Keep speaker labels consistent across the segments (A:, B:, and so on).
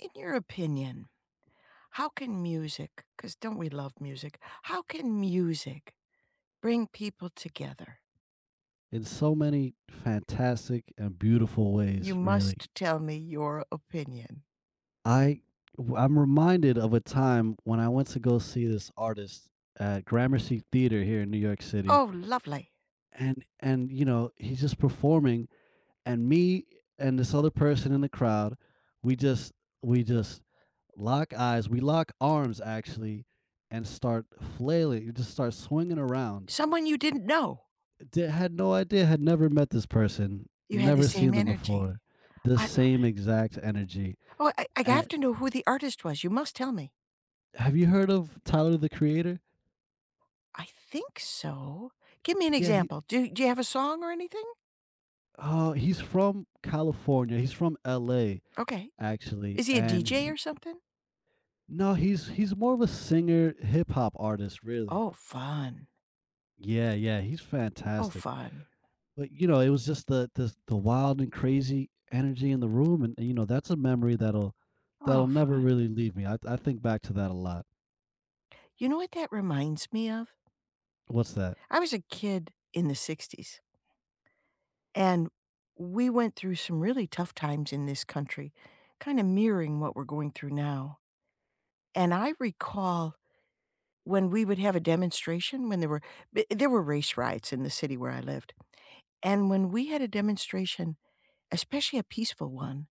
A: In your opinion, how can music 'cause don't we love music? How can music bring people together?
B: In so many fantastic and beautiful
A: You
B: ways, really.
A: must tell me your opinion.
B: I w I'm reminded of a time when I went to go see this artist at Gramercy Theater here in New York City
A: Oh, lovely.
B: and and, you know, he's just performing, and me and this other person in the crowd, we just we just lock eyes, we lock arms, actually, and start flailing, we just start swinging around.
A: Someone you didn't know?
B: Eh d had no idea, had never met this person,
A: You had the
B: never
A: same
B: seen them
A: energy.
B: before. The
A: I love
B: same
A: it.
B: exact energy,
A: Oh, I I have
B: at
A: to know who the artist was, you must tell me.
B: Have you heard of Tyler, The Creator?
A: I think so. Give me an
B: Yeah, he
A: example, do do you have a song or anything?
B: uh, he's from California. He's from LA,
A: Okay.
B: actually,
A: Is he a
B: and
A: DJ
B: he
A: or something?
B: No, he's he's more of a singer, hip hop artist, really.
A: Oh, fun.
B: Yeah, yeah, he's
A: Oh,
B: fantastic.
A: fun.
B: But, you know, it was just the the s the wild and crazy energy in the room and and, you know, that's a memory that'll
A: Oh,
B: that'll never
A: fun.
B: really leave me, I I think back to that a lot.
A: You know what that reminds me of?
B: What's that?
A: I was a kid in the '60s and we went through some really tough times in this country, kinda mirroring what we're going through now, and I recall when we would have a demonstration, when there were b there were race riots in the city where I lived, and when we had a demonstration, especially a peaceful one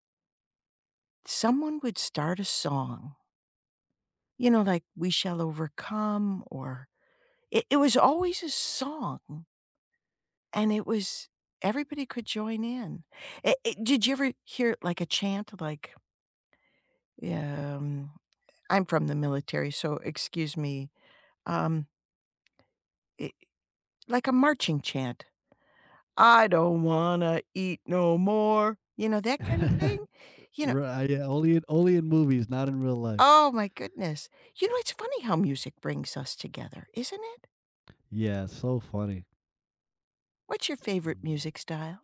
A: someone would start a song. You know, like "We Shall Overcome" or it it was always a song and it was everybody could join in. Eh, eh, did you ever hear, like, a chant like Yeah, um, I'm from the military, so excuse me, um i like a marching chant? I don't wanna eat no more. You know, that kind of
B: R
A: thing? You know
B: right, yeah, only in only in movies, not in real life.
A: Oh my goodness. You know, it's funny how music brings us together, isn't it?
B: Yeah, so funny.
A: What's your favorite
B: Mm.
A: music style?